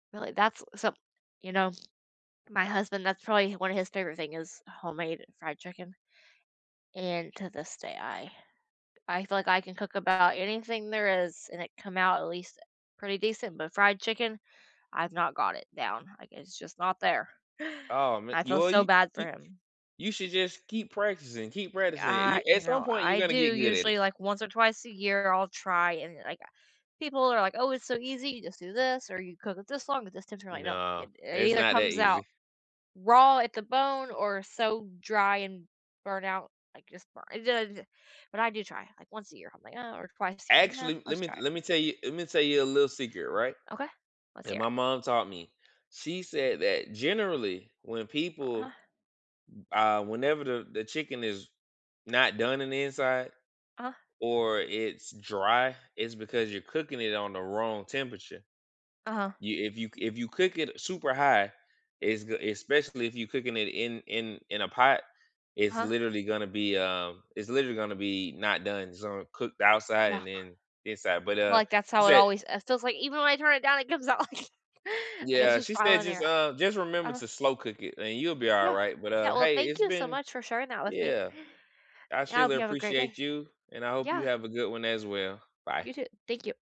Really? That's so you know, my husband, that's probably one of his favorite thing is homemade fried chicken. And to this day, I I feel like I can cook about anything there is and it come out at least pretty decent. But fried chicken, I've not got it down, like, it's just not there. Oh ma I feel well, so you bad you for him. you should just keep practicing, keep practicing. Uh, y I you at some know, point you're I gonna do get good at it. usually, like once or twice a year, I'll try and like, uh, people are like, "Oh, it's so easy. You just do this or you cook it this long at this temperature." I'm like, "No." No, It it it's either not that comes easy. out raw at the bone or so dry and burnt out, like just burn [unintelligible] But I do try, like once a year, I'm like uh, or twice a year, I'm "Eh, Actually, let let's me try it." let me tell you let me tell you a little secret, right, Okay. Let's that hear it. my mom taught me. She said that generally when Uh-huh. people uh, whenever the the chicken is not done in the inside Uh-huh. or it's dry, it's because you're cooking it on the wrong temperature. Uh-huh. You if you c if you cook it super high, it's g especially if you cooking it in in in a pot, it's Uh-huh. literally gonna be, um, it's literally gonna be not done. It's gonna cook the outside Yeah. and then inside. But, I feel uh, like that's she how it said always it feels like even when I turn it down, it comes out like like, it's Yeah, just she trial said and just, error. uh, just remember Uh-huh. to slow cook it and you'll be all Yeah. right. But, uh, Yeah, well, hey, thank it's you so been much for sharing that with me. Yeah, I I hope surely you have a great day. appreciate you, and I hope you Yeah. have a good one as well. You Bye. too. Thank you